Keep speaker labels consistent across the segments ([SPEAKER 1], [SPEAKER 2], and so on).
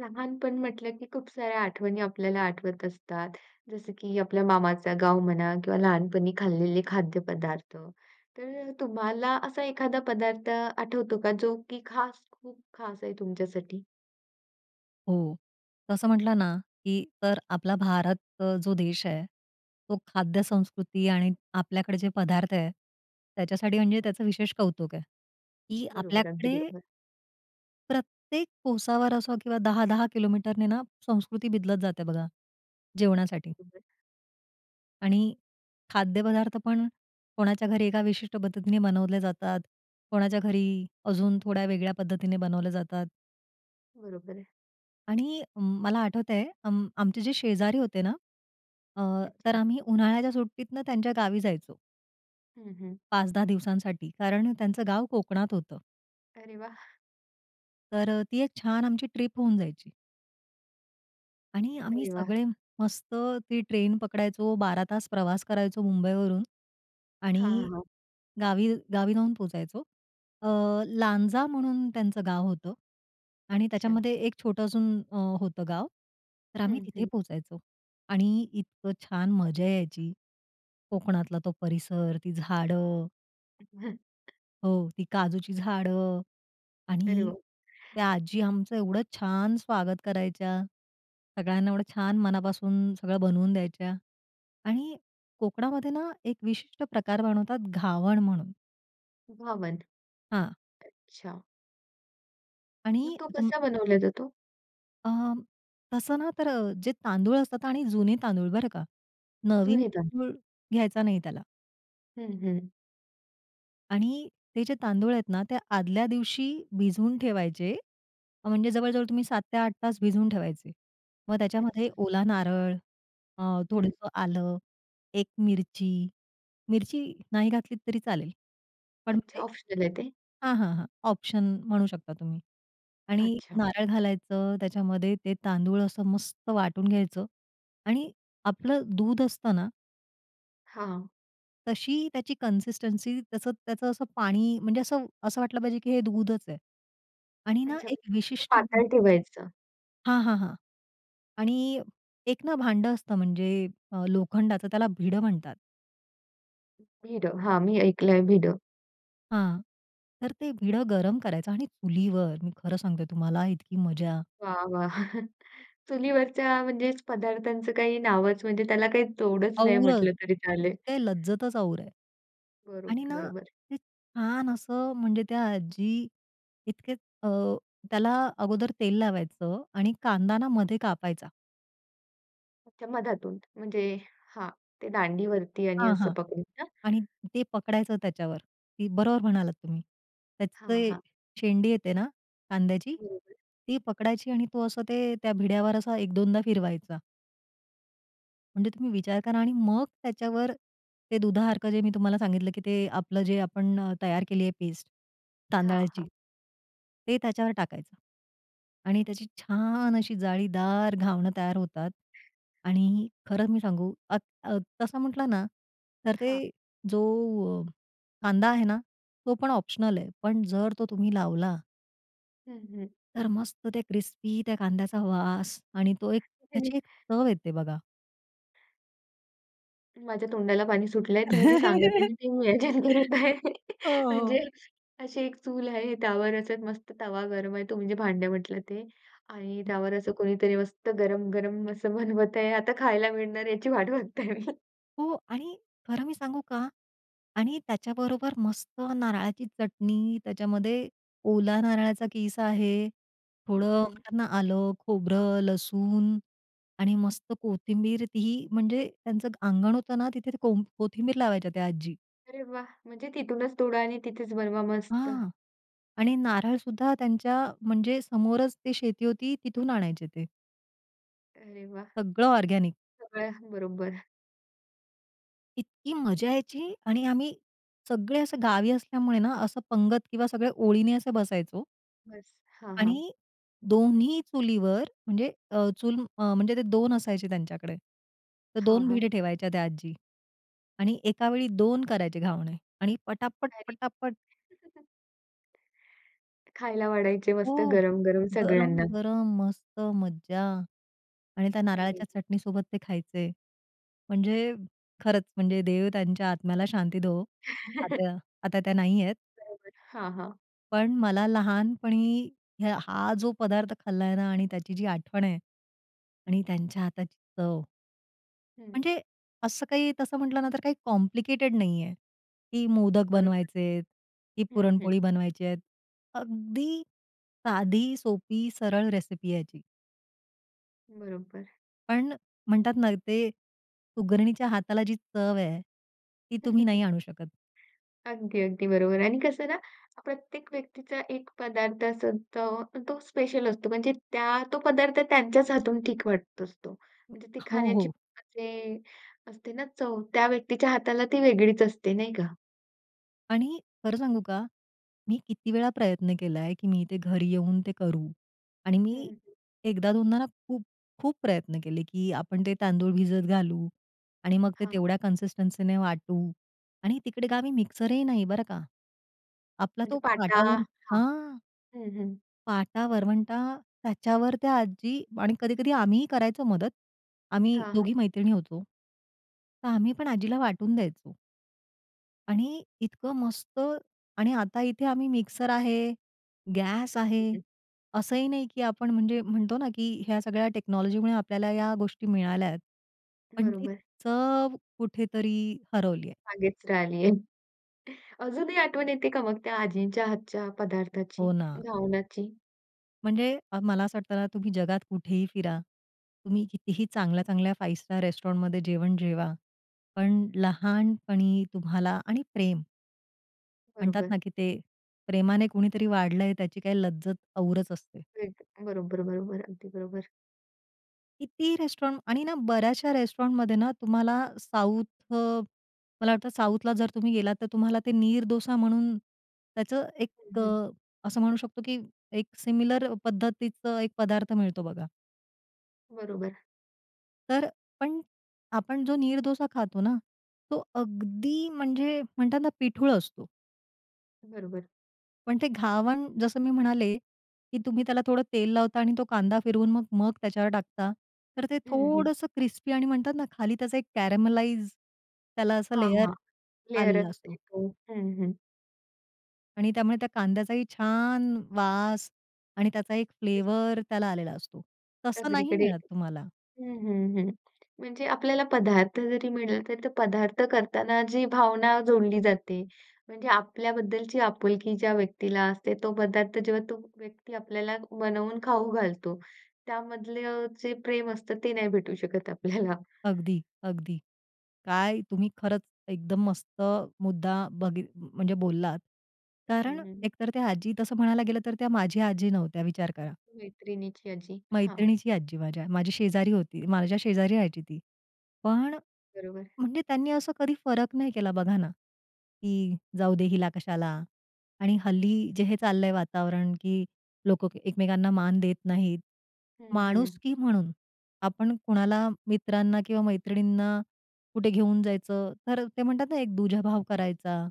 [SPEAKER 1] लहानपण म्हटलं की खूप साऱ्या आठवणी आपल्याला आठवत असतात. जसं की आपल्या मामाचा गाव म्हणा किंवा लहानपणी खाल्लेले खाद्यपदार्थ. तर अ, तुम्हाला असा एखादा पदार्थ आठवतो का जो की खास खूप खास आहे तुमच्यासाठी?
[SPEAKER 2] हो. तर असं म्हटलं ना, की तर आपला भारत अ, जो देश आहे, तो खाद्यसंस्कृती आणि आपल्याकडे जे पदार्थ आहेत, त्याच्यासाठी म्हणजे त्याचं विशेष कौतुक आहे की
[SPEAKER 1] बरोबर. अगदी
[SPEAKER 2] आपल्याकडे
[SPEAKER 1] बरोबर.
[SPEAKER 2] प्रत्येक कोसावर असो किंवा 10-10 किलोमीटरने ना संस्कृती बदलत जाते बघा, जेवणासाठी.
[SPEAKER 1] बरोबर.
[SPEAKER 2] आणि खाद्यपदार्थ पण कोणाच्या घरी एका विशिष्ट पद्धतीने बनवले जातात. कोणाच्या घरी अजून थोड्या वेगळ्या पद्धतीने बनवले जातात.
[SPEAKER 1] बरोबर आहे.
[SPEAKER 2] आणि मला आठवतंय अं, आमचे जे शेजारी होते ना, अ, तर
[SPEAKER 1] अच्छा.
[SPEAKER 2] आम्ही उन्हाळ्याच्या सुट्टीतनं त्यांच्या गावी जायचो.
[SPEAKER 1] हं, हं.
[SPEAKER 2] 5-10 दिवसांसाठी कारण त्यांचं गाव कोकणात होतं.
[SPEAKER 1] अरे वाह!
[SPEAKER 2] तर अ, ती एक छान आमची ट्रिप होऊन जायची. आणि आम्ही
[SPEAKER 1] अरे वाह!
[SPEAKER 2] सगळे मस्त ती ट्रेन पकडायचो. 12 तास प्रवास करायचो मुंबईवरून,
[SPEAKER 1] हां,
[SPEAKER 2] आणि
[SPEAKER 1] हां.
[SPEAKER 2] गावी गावी जाऊन पोहोचायचो. अ, लांजा म्हणून त्यांचं गाव होतं आणि
[SPEAKER 1] अच्छा.
[SPEAKER 2] त्याच्यामध्ये एक छोटं अजून अ, होतं गाव. तर आम्ही
[SPEAKER 1] हं,
[SPEAKER 2] तिथे
[SPEAKER 1] हं.
[SPEAKER 2] पोहोचायचो. आणि इतकं छान मजा यायची. कोकणातला तो परिसर ती झाडं
[SPEAKER 1] हं, हं,
[SPEAKER 2] हो, ती काजूची झाडं
[SPEAKER 1] अरे,
[SPEAKER 2] आणि
[SPEAKER 1] हो.
[SPEAKER 2] त्या आजी आमचं एवढं छान स्वागत करायच्या, सगळ्यांना एवढं छान मनापासून सगळं बनवून द्यायच्या आणि कोकणामध्ये ना, एक विशिष्ट प्रकार बनवतात घावण म्हणून.
[SPEAKER 1] घावण.
[SPEAKER 2] हां.
[SPEAKER 1] अच्छा. मग
[SPEAKER 2] आणि
[SPEAKER 1] तो
[SPEAKER 2] तुम
[SPEAKER 1] कसा बनवला जातो?
[SPEAKER 2] अ, तसं ना, तर अ, जे तांदूळ असतात आणि जुने तांदूळ बरं का? नवीन
[SPEAKER 1] जुने तांदूळ.
[SPEAKER 2] तांदूळ घ्यायचा नाही त्याला.
[SPEAKER 1] हं, हं.
[SPEAKER 2] आणि ते जे तांदूळ आहेत ना, ते आदल्या दिवशी भिजवून ठेवायचे. म्हणजे जवळ-जवळ तुम्ही 7-8 तास भिजवून ठेवायचे. मग त्याच्यामध्ये
[SPEAKER 1] अच्छा.
[SPEAKER 2] ओला नारळ अ,
[SPEAKER 1] हं.
[SPEAKER 2] थोडंसं आलं एक मिरची. मिरची नाही घातलीत तरी चालेल. पण
[SPEAKER 1] अच्छा,
[SPEAKER 2] म्हणजे
[SPEAKER 1] ऑप्शनल आहे ते?
[SPEAKER 2] हां, हां, हां ऑप्शन म्हणू शकता तुम्ही. आणि
[SPEAKER 1] अच्छा.
[SPEAKER 2] नारळ घालायचं त्याच्यामध्ये. ते तांदूळ असं मस्त वाटून घ्यायचं आणि आपलं दूध असतं ना
[SPEAKER 1] हां.
[SPEAKER 2] तशी त्याची कन्सिस्टन्सी त्याचं त्याचं असं पाणी म्हणजे असं, असं वाटलं पाहिजे की हे दूधचं आहे आणि ना
[SPEAKER 1] अच्छा.
[SPEAKER 2] एक
[SPEAKER 1] [unintelligible]
[SPEAKER 2] विशिष्ट दूध
[SPEAKER 1] पातळ ठेवायचं?
[SPEAKER 2] हां, हां, हां आणि एक ना भांडं असतं म्हणजे अ, लोखंडाचं त्याला भिडं म्हणतात.
[SPEAKER 1] भिडं, हां, मी ऐकलंय भिडं.
[SPEAKER 2] हां, तर ते भिडं गरम करायचं आणि चुलीवर मी खरं सांगतेय तुम्हाला इतकी मजा
[SPEAKER 1] वाह! वाह! चुलीवरच्या म्हणजेचं पदार्थांचं काही नावचं म्हणजे त्याला काही तोडचं नाही
[SPEAKER 2] औरचं,
[SPEAKER 1] म्हटलं तरी चालेल.
[SPEAKER 2] त्याची काही लज्जतचं और आहे आणि
[SPEAKER 1] बरोबर
[SPEAKER 2] ना
[SPEAKER 1] बरोबर.
[SPEAKER 2] ते छान असं म्हणजे त्या आजी इतकेच अ, त्याला अगोदर तेल लावायचं आणि कांदा ना मध्ये कापायचा.
[SPEAKER 1] अच्छा मधातून. म्हणजे हां, ते दांडीवरती आणि
[SPEAKER 2] हां,
[SPEAKER 1] असं
[SPEAKER 2] हां
[SPEAKER 1] पकडून ना?
[SPEAKER 2] आणि ते पकडायचं त्याच्यावर ती बरोबर म्हणालात तुम्ही, त्याची
[SPEAKER 1] हां,
[SPEAKER 2] ते
[SPEAKER 1] हां.
[SPEAKER 2] शेंडी येते ना कांद्याची
[SPEAKER 1] बरोबर.
[SPEAKER 2] ती पकडायची आणि तो असं ते त्या भिड्यावर असा 1-2दा फिरवायचा. म्हणजे तुम्ही विचार करा आणि मग त्याच्यावर ते दुधासारखं जे मी तुम्हाला सांगितलं की ते आपलं जे आपण अ, तयार केली आहे पेस्ट
[SPEAKER 1] हां,
[SPEAKER 2] तांदळाची.
[SPEAKER 1] हां.
[SPEAKER 2] ते त्याच्यावर टाकायचं. आणि त्याची छान अशी जाळीदार घावणं तयार होतात आणि खरं मी सांगू अ, अ, तसं म्हटलं ना तर
[SPEAKER 1] हां.
[SPEAKER 2] ते जो अ, कांदा आहे ना, तो पण ऑप्शनल आहे पण जर तो तुम्ही लावला.
[SPEAKER 1] हं, हं.
[SPEAKER 2] तर मस्त त्या क्रिस्पी त्या कांद्याचा वास आणि तो एक
[SPEAKER 1] [unintelligible]
[SPEAKER 2] त्याची एक चव येते बघा.
[SPEAKER 1] माझ्या तोंडाला पाणी सुटलंय तुम्ही जे सांगत आहे ना, ते मी विचार करत आहे.
[SPEAKER 2] हो, हो.
[SPEAKER 1] म्हणजे अशी एक चूल आहे, त्यावरच एक मस्त तवा गरम आहे तुम्ही जे भांड्या म्हटलं ते आणि
[SPEAKER 2] [unintelligible]
[SPEAKER 1] त्यावर असं कोणीतरी मस्त गरम-गरम असं बनवत आहे आता खायला मिळणार याची वाट बघते मी.
[SPEAKER 2] हो आणि खरं मी सांगू का आणि त्याच्याबरोबर मस्त नारळाची चटणी, त्याच्यामध्ये ओला नारळाचा कीस आहे. थोडं
[SPEAKER 1] हं, हं.
[SPEAKER 2] म्हणतात ना, आलं, खोबरं, लसूण आणि मस्त कोथिंबीर ती, म्हणजे त्यांचं अंगण होतं ना, तिथे ते कोंब कोथिंबीर लावायच्या त्या आजी.
[SPEAKER 1] अरे वा! म्हणजे तिथूनच तोडा आणि तिथेच बनवा मस्त.
[SPEAKER 2] हां. आणि नारळसुद्धा त्यांच्या, म्हणजे समोरच ते शेती होती तिथून आणायचे ते.
[SPEAKER 1] अरे वाह!
[SPEAKER 2] सगळं ऑर्गनिक.
[SPEAKER 1] सगळ्यांबरोबर.
[SPEAKER 2] इतकी मजा यायची आणि आम्ही सगळे असे गावी असल्यामुळे ना, असं पंगत किंवा सगळ्या ओळीने असं बसायचो.
[SPEAKER 1] बस. हां हां.
[SPEAKER 2] आणि 2न्ही चुलीवर म्हणजे अ, चूल अ, म्हणजे ते 2 असायचे त्यांच्याकडे, तर
[SPEAKER 1] हां,
[SPEAKER 2] 2
[SPEAKER 1] हां.
[SPEAKER 2] भिडे ठेवायच्या त्या आजी. आणि एकावेळी 2 करायचे घावणे आणि पटापट,
[SPEAKER 1] भारी.
[SPEAKER 2] पटापट.
[SPEAKER 1] खायला वाढायचे मस्त
[SPEAKER 2] हो,
[SPEAKER 1] गरम-गरम
[SPEAKER 2] गरम,
[SPEAKER 1] सगळ्यांना.
[SPEAKER 2] गरम मस्त मज्जा. आणि त्या
[SPEAKER 1] अरे.
[SPEAKER 2] नारळाच्या चटणीसोबत ते खायचे. म्हणजे खरंच म्हणजे देव त्यांच्या आत्म्याला शांती देवो, आता आता त्या नाहीयेत.
[SPEAKER 1] बरोबर. हां, हां.
[SPEAKER 2] पण मला लहानपणी हं हा जो पदार्थ खाल्लाय ना आणि त्याची जी आठवण आहे आणि त्यांच्या हाताची चव
[SPEAKER 1] हं.
[SPEAKER 2] म्हणजे असं काही तसं म्हटलं ना तर काही कॉम्प्लिकेटेड नाही आहे, की मोदक
[SPEAKER 1] बरोबर.
[SPEAKER 2] बनवायचे आहेत ती
[SPEAKER 1] हं, हं.
[SPEAKER 2] पुरणपोळी बनवायचे आहेत. अगदी साधी सोपी सरळ रेसिपी याची.
[SPEAKER 1] बरोबर.
[SPEAKER 2] पण म्हणतात ना ते, सुगरणीच्या हाताला जी चव आहे. ती तुम्ही नाही आणू शकत.
[SPEAKER 1] अगदी, अगदी बरोबर. आणि कसं ना प्रत्येक व्यक्तीचा एक पदार्थ असतो, तो स्पेशल असतो. म्हणजे त्या तो पदार्थ त्यांच्याच हातून ठीक वाटत असतो.
[SPEAKER 2] हो,
[SPEAKER 1] म्हणजे ती
[SPEAKER 2] हो,
[SPEAKER 1] खाण्याची
[SPEAKER 2] हो.
[SPEAKER 1] म्हणजे असते ना चव, त्या व्यक्तीच्या हाताला ती वेगळीच असते नाही का?
[SPEAKER 2] आणि खरं सांगू का? मी किती वेळा प्रयत्न केलाय, की मी ते घरी येऊन ते करू आणि
[SPEAKER 1] हं,
[SPEAKER 2] मी
[SPEAKER 1] हं.
[SPEAKER 2] 1दा-2दा ना खूप-खूप प्रयत्न केले, की आपण ते तांदूळ भिजत घालू आणि मग ते
[SPEAKER 1] हां.
[SPEAKER 2] तेवढ्या कन्सिस्टन्सीने वाटू आणि तिकडे गावी मिक्सरही नाही बरं का, आपला तो
[SPEAKER 1] म्हणजे पाटा
[SPEAKER 2] पाटावर
[SPEAKER 1] हां.
[SPEAKER 2] हां.
[SPEAKER 1] हं, हं.
[SPEAKER 2] पाटा वरवंटा त्याच्यावर त्या आजी आणि कधी-कधी आम्हीही करायचो मदत. आम्ही
[SPEAKER 1] हां, हां.
[SPEAKER 2] 2घी मैत्रिणी होतो. तर आम्ही पण आजीला वाटून द्यायचो. आणि इतकं मस्त आणि आता इथे आम्ही मिक्सर आहे, गॅस
[SPEAKER 1] हं,
[SPEAKER 2] आहे,
[SPEAKER 1] हं.
[SPEAKER 2] असंही नाही की आपण म्हणजे, म्हणतो ना, की ह्या सगळ्या टेक्नॉलॉजीमुळे आपल्याला या गोष्टी मिळाल्या आहेत. पण ती
[SPEAKER 1] बरोबर.
[SPEAKER 2] चव कुठेतरी हरवली आहे.
[SPEAKER 1] मागेच राहिलीये. अजूनही आठवण येते का मग त्या आजींच्या हातच्या
[SPEAKER 2] हो
[SPEAKER 1] पदार्थाची?
[SPEAKER 2] ना.
[SPEAKER 1] घावणाची?
[SPEAKER 2] म्हणजे अ, मला असं वाटतं ना तुम्ही जगात कुठेही फिरा, तुम्ही कितीही चांगल्या-चांगल्या फाइव्ह स्टार रेस्टॉरंटमध्ये जेवण जेवा. पण लहानपणी तुम्हाला आणि प्रेम. म्हणतात
[SPEAKER 1] बरोबर.
[SPEAKER 2] ना की ते प्रेमाने कुणीतरी वाढलंय त्याची काही लज्जत औरच असते.
[SPEAKER 1] एक बरोबर-बरोबर, अगदी बरोबर.
[SPEAKER 2] किती ही रेस्टॉरंट आणि ना बऱ्याचशा रेस्टॉरंटमध्ये ना तुम्हाला साउथ अ मला वाटतं साऊथला जर तुम्ही गेलात तर तुम्हाला ते नीर डोसा म्हणून त्याचं
[SPEAKER 1] हं,
[SPEAKER 2] एक
[SPEAKER 1] हं.
[SPEAKER 2] अ, असं म्हणू शकतो की एक सिमिलर पद्धतीचं 1 पदार्थ मिळतो बघा.
[SPEAKER 1] बरोबर.
[SPEAKER 2] तर पण आपण जो नीर डोसा खातो ना, तो अगदी म्हणजे, म्हणतात ना, पिठूळ असतो.
[SPEAKER 1] बरोबर.
[SPEAKER 2] पण ते घावण जसं मी म्हणाले, की तुम्ही त्याला थोडं तेल लावता आणि तो कांदा फिरवून मग मग त्याच्यावर टाकता, तर ते
[SPEAKER 1] हं, हं.
[SPEAKER 2] थोडंसं क्रिस्पी आणि म्हणतात ना, खाली त्याचा एक कॅरमलाइज त्याला असा
[SPEAKER 1] हां,
[SPEAKER 2] लेयर
[SPEAKER 1] हां, लेयर
[SPEAKER 2] आलेला
[SPEAKER 1] असते,
[SPEAKER 2] असतो.
[SPEAKER 1] हो, हं, हं.
[SPEAKER 2] आणि त्यामुळे त्या कांद्याचाही छान! वास आणि त्याचा एक
[SPEAKER 1] [unintelligible]
[SPEAKER 2] फ्लेवर त्याला आलेला असतो. तसं नाही
[SPEAKER 1] सगळीकडे
[SPEAKER 2] मिळत तुम्हाला.
[SPEAKER 1] हं, हं, हं. म्हणजे आपल्याला पदार्थ जरी मिळाला तर तर पदार्थ करताना जी भावना जोडली जाते, म्हणजे आपल्याबद्दलची आपुलकी ज्या व्यक्तीला असते तो पदार्थ जेव्हा तो व्यक्ती आपल्याला बनवून खाऊ घालतो, त्यामधलं जे प्रेम असतं ते नाही भेटू शकत आपल्याला.
[SPEAKER 2] अगदी, अगदी. काय तुम्ही खरंच एकदम मस्त मुद्दा बघ म्हणजे बोललात. कारण
[SPEAKER 1] हं, हं.
[SPEAKER 2] एकतर त्या आजी तसं म्हणायला गेलं तर त्या माझ्या आजी नव्हत्या विचार करा.
[SPEAKER 1] मैत्रिणीची आजी, हां.
[SPEAKER 2] मैत्रिणीची आजी माझ्या, माझी शेजारी होती. माझ्या शेजारी राहायची ती. पण
[SPEAKER 1] बरोबर.
[SPEAKER 2] म्हणजे त्यांनी असं कधी फरक नाही केला बघा ना, की जाऊदे हिला कशाला आणि हल्ली जे हे चाललंय वातावरण की लोकं एकमेकांना मान देत नाहीत.
[SPEAKER 1] हं, हं.
[SPEAKER 2] माणुसकी म्हणून, आपण कुणाला मित्रांना किंवा मैत्रिणींना, कुठे घेऊन जायचं तर ते म्हणतात ना एक दुजाभाव करायचा.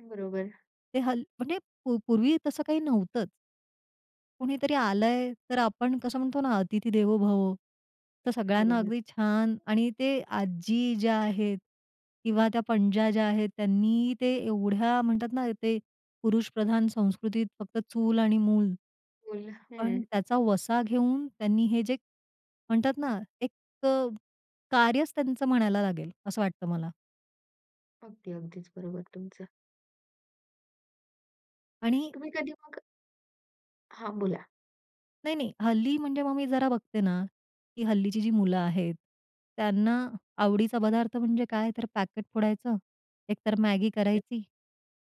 [SPEAKER 1] बरोबर.
[SPEAKER 2] ते हल् म्हणजे पूर्वी तसं काही नव्हतंच. कुणीतरी आलंय, तर आपण कसं म्हणतो ना, अतिथी देवो भव. तर सगळ्यांना
[SPEAKER 1] बरोबर.
[SPEAKER 2] अगदी छान आणि ते आजी ज्या आहेत किंवा त्या पणज्या ज्या आहेत, त्यांनी ते एवढ्या म्हणतात ना ते, पुरुषप्रधान संस्कृतीत फक्त चूल आणि मूल,
[SPEAKER 1] मूल
[SPEAKER 2] पण
[SPEAKER 1] हं.
[SPEAKER 2] त्याचा वसा घेऊन त्यांनी हे जे म्हणतात ना एक अ, कार्यच त्यांचं म्हणायला लागेल असं वाटतं मला.
[SPEAKER 1] अगदी अगदीच बरोबर आहे तुमचं.
[SPEAKER 2] आणि
[SPEAKER 1] तुम्ही कधी मग हां, बोला.
[SPEAKER 2] नाही-नाही, हल्ली म्हणजे मग मी जरा बघते ना, की हल्लीची जी मुलं आहेत, त्यांना आवडीचा पदार्थ म्हणजे काय, तर पॅकेट फोडायचं, एकतर मॅगी करायची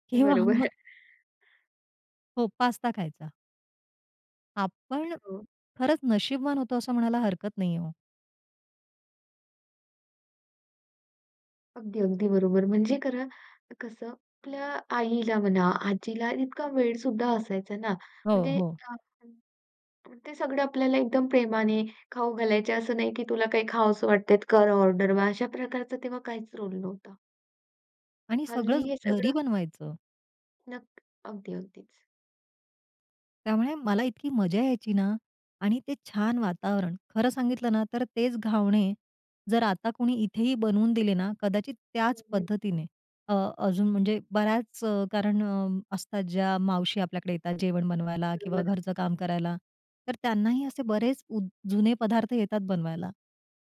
[SPEAKER 2] किंवा
[SPEAKER 1] बरोबर.
[SPEAKER 2] मग हो, पास्ता खायचा. आपण
[SPEAKER 1] हो.
[SPEAKER 2] खरंच नशीबवान होतो असं म्हणायला हरकत नाही आहे.
[SPEAKER 1] अगदी अगदी बरोबर म्हणजे खरं कसं, आपल्या आईला म्हणा, आजीला, इतका वेळ सुद्धा असायचा ना,
[SPEAKER 2] हो,
[SPEAKER 1] म्हणजे
[SPEAKER 2] हो.
[SPEAKER 1] ते सगळं आपल्याला एकदम प्रेमाने खाऊ घालायचे. असं नाही की तुला काही खावंस वाटतंय, कर ऑर्डर मग अशा प्रकारचा तेव्हा काहीच रोल नव्हता.
[SPEAKER 2] आणि
[SPEAKER 1] हल्ली
[SPEAKER 2] सगळंच
[SPEAKER 1] हे
[SPEAKER 2] घरी
[SPEAKER 1] सगळं
[SPEAKER 2] बनवायचं.
[SPEAKER 1] नक्क अगदी, अगदीच.
[SPEAKER 2] त्यामुळे मला इतकी मजा यायची ना आणि ते छान वातावरण. खरं सांगितलं ना, तर तेच घावणे जर आता कोणी इथेही बनवून दिले ना, कदाचित त्याच
[SPEAKER 1] हं.
[SPEAKER 2] पद्धतीने अ, अजून म्हणजे बऱ्याच कारणं असतात, ज्या मावशी आपल्याकडे येतात जेवण बनवायला किंवा
[SPEAKER 1] बरोबर.
[SPEAKER 2] घरचं काम करायला, तर त्यांनाही असे बरेच उ जुने पदार्थ येतात बनवायला.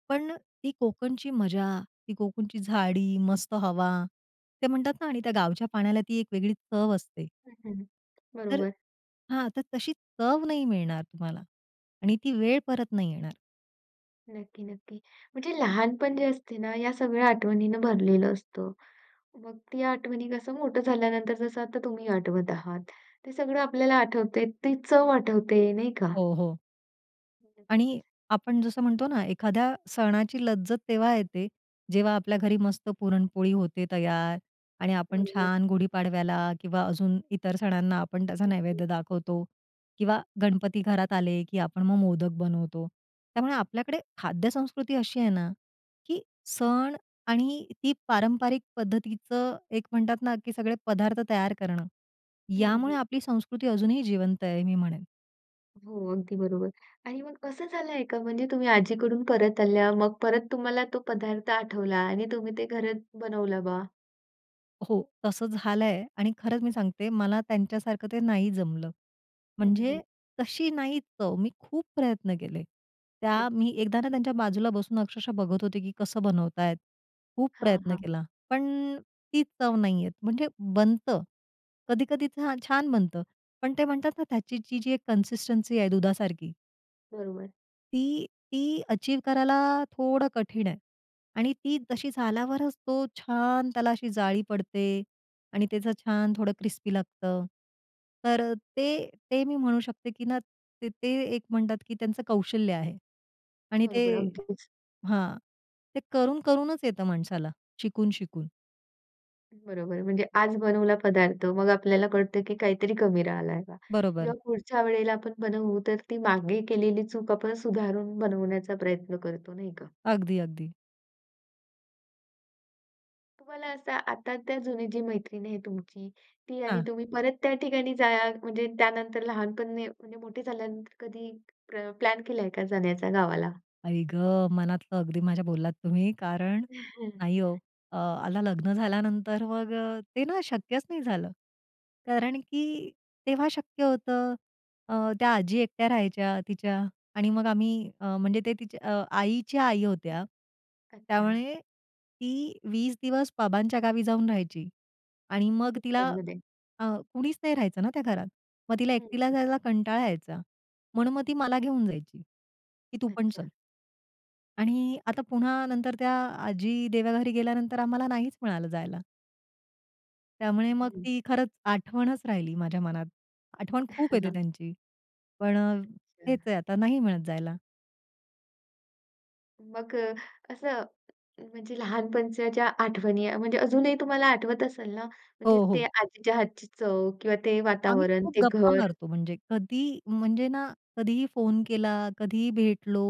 [SPEAKER 2] पण ती कोकणची मजा, ती कोकणची झाडी, मस्त हवा, ते म्हणतात ना आणि त्या गावच्या पाण्याला ती एक वेगळी चव असते.
[SPEAKER 1] हं, हं,
[SPEAKER 2] तर
[SPEAKER 1] बरोबर.
[SPEAKER 2] हां, तर तशी चव नाही मिळणार तुम्हाला आणि ती वेळ परत नाही येणार.
[SPEAKER 1] नक्की-नक्की. म्हणजे लहानपण जे असते ना, या सगळ्या आठवणीनं भरलेलं असतं. मग ती आठवणी कसं मोठं झाल्यानंतर जसं आता तुम्ही आठवत आहात. ते सगळं आपल्याला आठवतंय ते चव आठवते नाही का?
[SPEAKER 2] हो, हो. आणि
[SPEAKER 1] नक्कीच.
[SPEAKER 2] आपण जसं म्हणतो ना, एखाद्या सणाची लज्जत तेव्हा येते, जेव्हा आपल्या घरी मस्त पुरणपोळी होते तयार आणि आपण
[SPEAKER 1] बरोबर.
[SPEAKER 2] छान गुढीपाडव्याला किंवा अजून इतर सणांना आपण त्याचा
[SPEAKER 1] हं, हं.
[SPEAKER 2] नैवेद्य दाखवतो किंवा गणपती घरात आले, की आपण मग मोदक बनवतो. त्यामुळे आपल्याकडे खाद्यसंस्कृती अशी आहे ना, की सण आणि ती पारंपरिक पद्धतीचं एक म्हणतात ना, की सगळे पदार्थ तयार करणं
[SPEAKER 1] हं,
[SPEAKER 2] यामुळे
[SPEAKER 1] हं.
[SPEAKER 2] आपली संस्कृती अजूनही जिवंत आहे, मी म्हणेन.
[SPEAKER 1] हो, अगदी बरोबर आणि मग असं झालंय का म्हणजे तुम्ही आजीकडून परत आल्या. मग परत तुम्हाला तो पदार्थ आठवला आणि तुम्ही ते घरात बनवलं बा?
[SPEAKER 2] हो, तसं झालं आहे आणि खरंच मी सांगते मला त्यांच्यासारखं ते नाही जमलं.
[SPEAKER 1] हं,
[SPEAKER 2] म्हणजे
[SPEAKER 1] हं.
[SPEAKER 2] तशी नाही चव. मी खूप प्रयत्न केले. त्या
[SPEAKER 1] [unintelligible]
[SPEAKER 2] मी एकदा ना त्यांच्या बाजूला बसून अक्षरशः बघत होते, की कसं बनवतायेत? खूप
[SPEAKER 1] हां,
[SPEAKER 2] प्रयत्न
[SPEAKER 1] हां.
[SPEAKER 2] केला. पण ती चव नाही येत. म्हणजे बनतं. कधी-कधी छान बनतं. पण ते म्हणतात ना, त्याची जी जी एक कन्सिस्टन्सी आहे दुधासारखी.
[SPEAKER 1] बरोबर.
[SPEAKER 2] ती, ती अचीव्ह करायला थोडं कठीण आहे आणि ती तशी झाल्यावरच तो छान त्याला अशी जाळी पडते आणि त्याचं छान थोडं क्रिस्पी लागतं. तर ते, ते मी म्हणू शकते, की ना, ते, ते एक म्हणतात, की त्यांचं कौशल्य आहे आणि ते
[SPEAKER 1] बरोबर अगदीच.
[SPEAKER 2] हां, ते करून-करूनच येतं माणसाला. शिकून-शिकून.
[SPEAKER 1] बरोबर आहे. म्हणजे आज बनवला पदार्थ मग आपल्याला कळतं की काहीतरी कमी राहिलंय बा.
[SPEAKER 2] बरोबर.
[SPEAKER 1] जेव्हा पुढच्या वेळेला आपण बनवू तर ती मागे केलेली चूक आपण सुधारून बनवण्याचा प्रयत्न करतो नाही का?
[SPEAKER 2] अगदी अगदी.
[SPEAKER 1] तुम्हाला असं आता-आता जुनी जी मैत्रीण आहे तुमची, ती आणि
[SPEAKER 2] हां.
[SPEAKER 1] तुम्ही परत त्या ठिकाणी जाया म्हणजे त्यानंतर लहानपण ने म्हणजे मोठे झाल्यानंतर, कधी प्र प्लॅन केलाय का जाण्याचा गावाला?
[SPEAKER 2] आई गं! मनातलं अगदी माझ्या बोललात तुम्ही, कारण नाही हो अ, आला लग्न झाल्यानंतर मग ते ना शक्यच नाही झालं. कारण की तेव्हा शक्य होतं. अ, त्या आजी एकट्या राहायच्या तिच्या आणि मग आम्ही अ, म्हणजे ते तिच्या आईच्या आई होत्या.
[SPEAKER 1] अच्छा.
[SPEAKER 2] त्यामुळे ती 20 दिवस बाबांच्या गावी जाऊन राहायची आणि मग तिला
[SPEAKER 1] सुट्ट्यांमध्ये.
[SPEAKER 2] अ, कुणीच नाही राहायचं ना त्या घरात. मग तिला एकटीला
[SPEAKER 1] हं.
[SPEAKER 2] जायचा कंटाळा यायचा. म्हणून मग ती मला घेऊन जायची की तू पण
[SPEAKER 1] अच्छा.
[SPEAKER 2] चल. आणि आता पुन्हा नंतर त्या आजी देवाघरी गेल्यानंतर, आम्हाला नाहीच मिळालं जायला. त्यामुळे मग
[SPEAKER 1] हं.
[SPEAKER 2] ती खरंच आठवणच राहिली माझ्या मनात, आठवण खूप येते त्यांची पण हेच
[SPEAKER 1] अच्छा.
[SPEAKER 2] आहे आता नाही मिळत जायला.
[SPEAKER 1] मग अ, असं म्हणजे लहानपणच्या, ज्या आठवणी आहे, म्हणजे अजूनही तुम्हाला आठवत असेल ना?
[SPEAKER 2] हो,
[SPEAKER 1] म्हणजे ते
[SPEAKER 2] हो.
[SPEAKER 1] आजीच्या हातची चव किंवा ते
[SPEAKER 2] आम्ही
[SPEAKER 1] वातावरण,
[SPEAKER 2] खूप
[SPEAKER 1] ते
[SPEAKER 2] गप्पा
[SPEAKER 1] घर?
[SPEAKER 2] मारतो. म्हणजे कधी म्हणजे ना, कधीही फोन केला, कधीही भेटलो,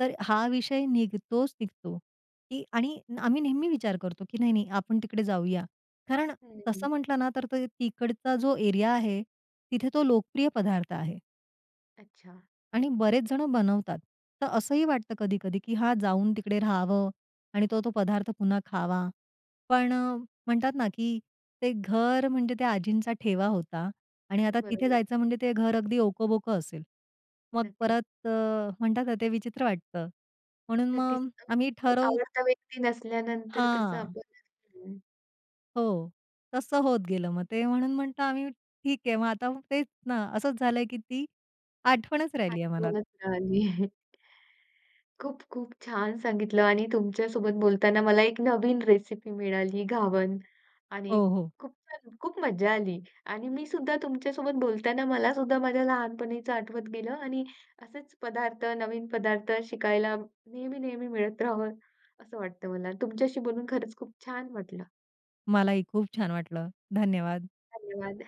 [SPEAKER 2] तर हा विषय निघतोच-निघतो की आणि आम्ही नेहमी विचार करतो, की नाही-नाही आपण तिकडे जाऊया. कारण
[SPEAKER 1] हं, हं.
[SPEAKER 2] तसं म्हटलं ना तर ते तिकडचा जो एरिया आहे, तिथे तो लोकप्रिय पदार्थ आहे.
[SPEAKER 1] अच्छा.
[SPEAKER 2] आणि बरेच जणं बनवतात. तर असंही वाटतं कधी-कधी, की हां, जाऊन तिकडे राहावं आणि तो-तो पदार्थ पुन्हा खावा. पण म्हणतात ना, की ते घर म्हणजे त्या आजींचा ठेवा होता आणि आता तिथे
[SPEAKER 1] बरोबर.
[SPEAKER 2] जायचं म्हणजे ते घर अगदी ओकबोक असेल. मग
[SPEAKER 1] नक्कीच.
[SPEAKER 2] परत अ, म्हणतात ना, ते विचित्र वाटतं. म्हणून
[SPEAKER 1] नक्कीच
[SPEAKER 2] मग आम्ही
[SPEAKER 1] [unintelligible]
[SPEAKER 2] ठरव
[SPEAKER 1] आवडता व्यक्ती नसल्यानंतर कसं
[SPEAKER 2] हां.
[SPEAKER 1] आपल बदलतं ना?
[SPEAKER 2] हो, तसं होत गेलं मग ते म्हणून म्हणतो आम्ही ठीक आहे मग आता तेच ना, असंच झालंय, की ती आठवणच राहिली आहे मनात.
[SPEAKER 1] आठवणचं राहिली. खूप-खूप छान सांगितलं आणि तुमच्यासोबत बोलताना, मला एक नवीन रेसिपी मिळाली घावण आणि
[SPEAKER 2] हो, हो.
[SPEAKER 1] खूप छान, खूप मज्जा आली आणि मी सुद्धा तुमच्यासोबत बोलताना, मलासुद्धा माझ्या लहानपणीचं आठवत गेलं आणि असेच पदार्थ नवीन पदार्थ शिकायला नेहमी-नेहमी मिळत राहावं असं वाटतं मला. तुमच्याशी बोलून खरंच खूप छान वाटलं.
[SPEAKER 2] मलाही खूप छान वाटलं. धन्यवाद.
[SPEAKER 1] धन्यवाद.